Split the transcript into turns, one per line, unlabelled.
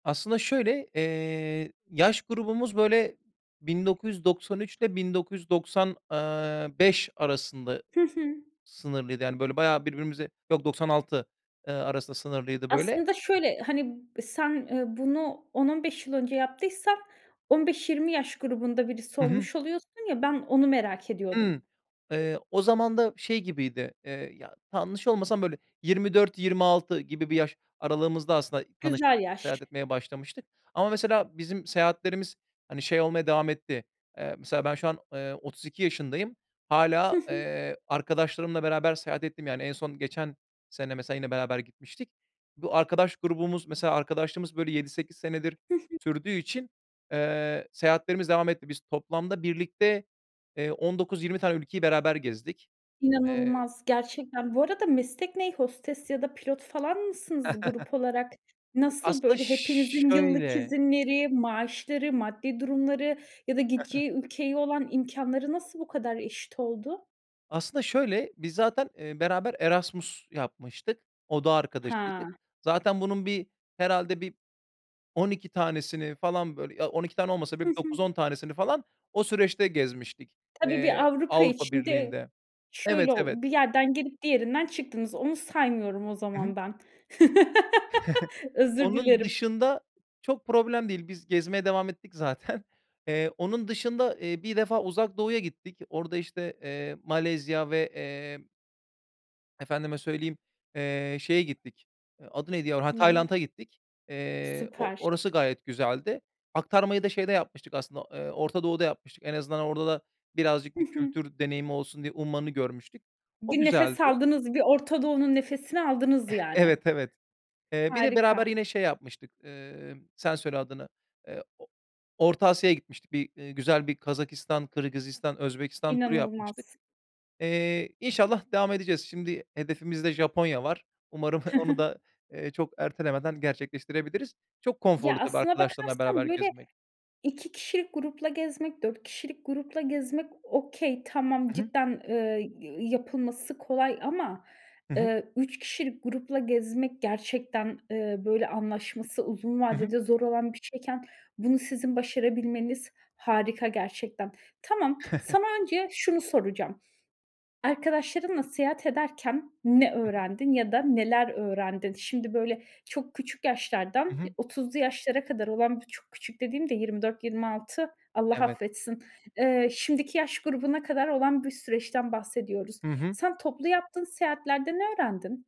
Aslında şöyle, eee, yaş grubumuz böyle, 1993 ile 1990, eee, 5 arasında
Hı hı.
sınırlıydı. Yani böyle bayağı birbirimize yok 96, eee, arasında sınırlıydı böyle.
Aslında şöyle, hani, sen, eee, bunu 10-15 yıl önce yaptıysan 15-20 yaş grubunda birisi
Hı hı.
olmuş oluyorsun ya, ben onu merak ediyordum.
Hımm, eee. O zaman da şey gibiydi, eee ya t yanlış olmasam böyle 24-26 gibi bir yaş aralığımızda aslında tanışıp
Güzel yaş.
seyahat etmeye başlamıştık ama mesela bizim seyahatlerimiz hani şey olmaya devam etti, eee, mesela ben şu an, eee, 32 yaşındayım,
Hı
hâlâ,
hı.
eee, arkadaşlarımla beraber seyahat ettiğim yani, en son geçen sene mesela yine beraber gitmiştik. Bu arkadaş grubumuz, mesela arkadaşlığımız böyle 7-8 senedir
Hı hı.
sürdüğü için, eee, seyahatlerimiz devam etti. Biz toplamda birlikte, eee, 19-20 tane ülkeyi beraber gezdik. Eee
İnanılmaz, gerçekten. Bu arada meslek ne? Hostes ya da pilot falan mısınız grup olarak? Nasıl
Aslında
böyle? Hepinizin yıllık
şöyle
izinleri, maaşları, maddi durumları ya da gideceği ülkeye olan imkânları nasıl bu kadar eşit oldu?
Aslında şöyle, biz zaten, eee, beraber Erasmus yapmıştık, oda arkadaşıydık.
Ha.
Zaten bunun bir, herhâlde bir 12 tanesini falan böyle ya 12 tane olmasa
Hı
bile bir
hı.
9-10 tanesini falan o süreçte gezmiştik,
Tabii bir
eee,
Avrupa
Avrupa
içinde
Birliği'nde. Evet
şöyle olu
evet.
bir yerden girip diğerinden çıktınız. Onu saymıyorum o
Hı
zaman
hı.
ben. Özür
Onun
dilerim.
dışında çok problem değil, biz gezmeye devam ettik zaten. Eee, onun dışında, eee, bir defa Uzak Doğu'ya gittik. Orada işte, eee, Malezya ve, eee efendime söyleyeyim, eee, şeye gittik, adı neydi ya, heh
Neye?
Tayland'a gittik. Eee, o
Süper.
orası gayet güzeldi. Aktarmayı da şeyde yapmıştık aslında, eee, Orta Doğu'da yapmıştık. En azından orada da birazcık
Hı
bir
hı.
kültür deneyimi olsun diye Umman'ı görmüştük. O
Bir nefes
güzeldi.
aldınız, bir Orta Doğu'nun nefesini aldınız yani.
Evet, evet. Eee, bir de beraber
Harika.
yine şey yapmıştık, eee, sen söyle adını, eee, o Orta Asya'ya gitmiştik, bir, eee, güzel bir Kazakistan, Kırgızistan, Özbekistan turu yapmıştık.
İnanılmaz.
Eee, inşallah devam edeceğiz, şimdi hedefimizde Japonya var. Umarım onu da, eee, çok ertelemeden gerçekleştirebiliriz. Çok
Ya,
konforlu tabii
aslına
arkadaşlarınla beraber
bakarsan böyle,
gezmek.
2 kişilik grupla gezmek, 4 kişilik grupla gezmek okay, tamam,
Hı hı.
cidden, eee, yapılması kolay ama,
Hı hı.
eee, 3 kişilik grupla gezmek gerçekten, eee, böyle anlaşması uzun
Hı hı.
vadede zor olan bir şeyken, bunu sizin başarabilmeniz harika gerçekten. Tamam, sana önce şunu soracağım. Arkadaşlarınla seyahat ederken ne
Hı hı.
öğrendin ya da neler öğrendin? Şimdi böyle çok küçük
Hı
yaşlardan, eee,
hı.
30'lu yaşlara kadar olan, bu çok küçük dediğim de 24-26, Allah
Evet.
affetsin, eee, şimdiki yaş grubuna kadar olan bir süreçten bahsediyoruz.
Hı hı.
Sen toplu yaptığın seyahatlerde ne öğrendin?